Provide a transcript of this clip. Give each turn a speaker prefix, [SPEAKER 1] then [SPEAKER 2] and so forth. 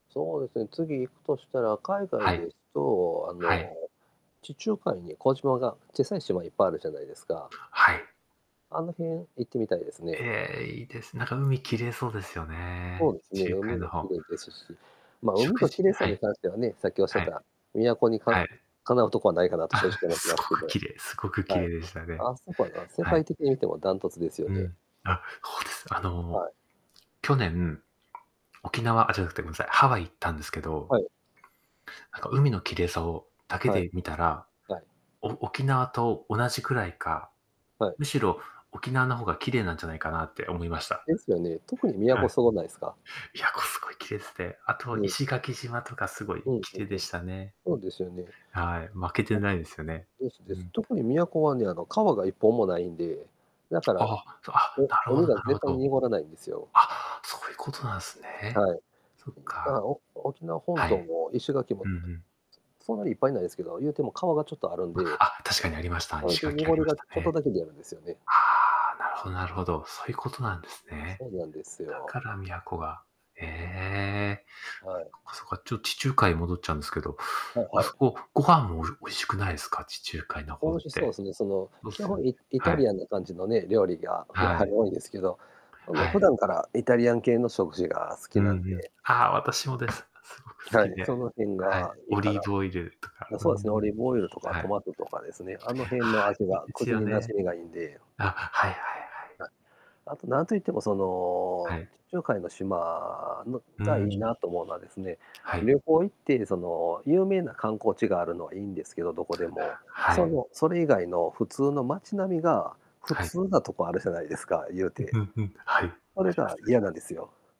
[SPEAKER 1] そうですね、次行くとしたら、海外
[SPEAKER 2] はい。
[SPEAKER 1] ですと、あ
[SPEAKER 2] はい。
[SPEAKER 1] の、地中海に小島がちっさい島いっぱいあるじゃないですか。
[SPEAKER 2] はい。
[SPEAKER 1] あの辺行ってみたいですね。
[SPEAKER 2] ええ、いいです、なんか海きれいそうですよ
[SPEAKER 1] そ
[SPEAKER 2] ね。
[SPEAKER 1] うです
[SPEAKER 2] 地
[SPEAKER 1] ね、
[SPEAKER 2] 中海
[SPEAKER 1] 海
[SPEAKER 2] の
[SPEAKER 1] もき
[SPEAKER 2] 方
[SPEAKER 1] れいですし、まあ、海
[SPEAKER 2] 食
[SPEAKER 1] と
[SPEAKER 2] 事
[SPEAKER 1] きれいさ
[SPEAKER 2] は
[SPEAKER 1] に
[SPEAKER 2] い。
[SPEAKER 1] 関してはね、さっきおっしゃっ
[SPEAKER 2] はい。
[SPEAKER 1] た、宮古にか
[SPEAKER 2] はい。
[SPEAKER 1] 敵うとこはないかなと正
[SPEAKER 2] あ、
[SPEAKER 1] 直思って
[SPEAKER 2] す
[SPEAKER 1] ま
[SPEAKER 2] ご
[SPEAKER 1] すけ
[SPEAKER 2] く
[SPEAKER 1] ど。
[SPEAKER 2] 綺麗すごく綺
[SPEAKER 1] はい。
[SPEAKER 2] 麗でしたね。
[SPEAKER 1] あそこはな世
[SPEAKER 2] はい。
[SPEAKER 1] 界的に見ても断トツですよ
[SPEAKER 2] う
[SPEAKER 1] ね。
[SPEAKER 2] ん。あ、そうです。あの、
[SPEAKER 1] はい。
[SPEAKER 2] 去年、沖縄あ、じゃなくてごめんなさい、ハワイ行ったんですけど
[SPEAKER 1] はい。
[SPEAKER 2] なんか海のきれいさをだけ
[SPEAKER 1] はい。
[SPEAKER 2] で見たら、
[SPEAKER 1] はい。
[SPEAKER 2] お沖縄と同じくらいか、
[SPEAKER 1] はい。
[SPEAKER 2] むしろ沖縄の方がきれいなんじゃないかなって思いました。
[SPEAKER 1] ですよね。特に宮
[SPEAKER 2] はい。
[SPEAKER 1] 古すごないすか。
[SPEAKER 2] 宮古すごい綺麗すて、あと
[SPEAKER 1] うん。
[SPEAKER 2] 石垣島とかすごい
[SPEAKER 1] うんうん
[SPEAKER 2] 綺麗
[SPEAKER 1] う
[SPEAKER 2] でし
[SPEAKER 1] ん。
[SPEAKER 2] たね。
[SPEAKER 1] そうですよね。
[SPEAKER 2] はい、負けてないですよね。
[SPEAKER 1] です
[SPEAKER 2] う
[SPEAKER 1] です。
[SPEAKER 2] ん。
[SPEAKER 1] 特に宮古はね、あの川が1本もないんで、だから、
[SPEAKER 2] あ
[SPEAKER 1] う
[SPEAKER 2] あ、あ、なるほ
[SPEAKER 1] 海
[SPEAKER 2] ど
[SPEAKER 1] が
[SPEAKER 2] なる
[SPEAKER 1] 絶
[SPEAKER 2] ほ
[SPEAKER 1] 対に
[SPEAKER 2] ど。
[SPEAKER 1] 濁らないんですよ。
[SPEAKER 2] あ、そういうことなんすね。
[SPEAKER 1] はい。
[SPEAKER 2] そっ
[SPEAKER 1] だか
[SPEAKER 2] か。
[SPEAKER 1] ら、お沖縄本
[SPEAKER 2] は
[SPEAKER 1] 島
[SPEAKER 2] い。
[SPEAKER 1] も石垣
[SPEAKER 2] ふ
[SPEAKER 1] も、
[SPEAKER 2] んふん。
[SPEAKER 1] そんなにいっぱいないですけど、言うても川がちょっとあるんで。
[SPEAKER 2] あ、確かにありました。
[SPEAKER 1] それ
[SPEAKER 2] 石
[SPEAKER 1] で、
[SPEAKER 2] 垣あ
[SPEAKER 1] 濁
[SPEAKER 2] り
[SPEAKER 1] り
[SPEAKER 2] まし
[SPEAKER 1] がち
[SPEAKER 2] た
[SPEAKER 1] ょっと
[SPEAKER 2] ね。
[SPEAKER 1] だけでやるんですよね。
[SPEAKER 2] ああ、なるほどなるほど。そういうことなんですね。
[SPEAKER 1] そうなんです
[SPEAKER 2] だ
[SPEAKER 1] よ。
[SPEAKER 2] から宮古が。へえ。
[SPEAKER 1] はい。
[SPEAKER 2] そっかそっか、ちょっと地中海に戻っちゃうんですけど、
[SPEAKER 1] はい
[SPEAKER 2] あ
[SPEAKER 1] は
[SPEAKER 2] そ
[SPEAKER 1] い。
[SPEAKER 2] こご飯もお美味しくないすか、地中海の方っ
[SPEAKER 1] おいしそう
[SPEAKER 2] て。
[SPEAKER 1] すね、その
[SPEAKER 2] そう
[SPEAKER 1] 基
[SPEAKER 2] すよ
[SPEAKER 1] 本
[SPEAKER 2] ね、
[SPEAKER 1] イイ
[SPEAKER 2] は
[SPEAKER 1] タ
[SPEAKER 2] い。
[SPEAKER 1] リアンな感じのね、料理がや
[SPEAKER 2] は
[SPEAKER 1] はり
[SPEAKER 2] い。
[SPEAKER 1] 多いんですけど、その、
[SPEAKER 2] はい。
[SPEAKER 1] 普段からイタリアン系の食事が好
[SPEAKER 2] う
[SPEAKER 1] き
[SPEAKER 2] ん
[SPEAKER 1] なん
[SPEAKER 2] うん。
[SPEAKER 1] で
[SPEAKER 2] ああ、私もです。すごく好
[SPEAKER 1] は
[SPEAKER 2] き
[SPEAKER 1] い、
[SPEAKER 2] で。
[SPEAKER 1] その辺
[SPEAKER 2] はい。
[SPEAKER 1] がいい
[SPEAKER 2] オ
[SPEAKER 1] か
[SPEAKER 2] リー
[SPEAKER 1] な。
[SPEAKER 2] ブオイルとか。
[SPEAKER 1] な、
[SPEAKER 2] う
[SPEAKER 1] そうですね、オ
[SPEAKER 2] ん。
[SPEAKER 1] リーブオイルとか
[SPEAKER 2] はい。
[SPEAKER 1] ト
[SPEAKER 2] は
[SPEAKER 1] マトとかですね、あの辺の味
[SPEAKER 2] い、いい
[SPEAKER 1] が
[SPEAKER 2] です
[SPEAKER 1] 口
[SPEAKER 2] よ
[SPEAKER 1] に馴
[SPEAKER 2] ね。
[SPEAKER 1] 染みがいいんで。
[SPEAKER 2] あ、はいはいはい。
[SPEAKER 1] あとなんといってもそ
[SPEAKER 2] は
[SPEAKER 1] の、
[SPEAKER 2] い。
[SPEAKER 1] 地中海の島の
[SPEAKER 2] う
[SPEAKER 1] がいい
[SPEAKER 2] ん。
[SPEAKER 1] なと思うのはですね、
[SPEAKER 2] はい。
[SPEAKER 1] 旅行行ってその、有名な観光地があるのはいいんですけど、どこでも。
[SPEAKER 2] は
[SPEAKER 1] そ
[SPEAKER 2] い。
[SPEAKER 1] の、それ以外の普通の街並みが普
[SPEAKER 2] はい。
[SPEAKER 1] 通なとこあるじゃないですか、言う
[SPEAKER 2] うん、ふ
[SPEAKER 1] て。
[SPEAKER 2] んふん。はい。なり
[SPEAKER 1] そ
[SPEAKER 2] ま
[SPEAKER 1] れが
[SPEAKER 2] すなり
[SPEAKER 1] 嫌
[SPEAKER 2] ま
[SPEAKER 1] な
[SPEAKER 2] す。
[SPEAKER 1] んですよ。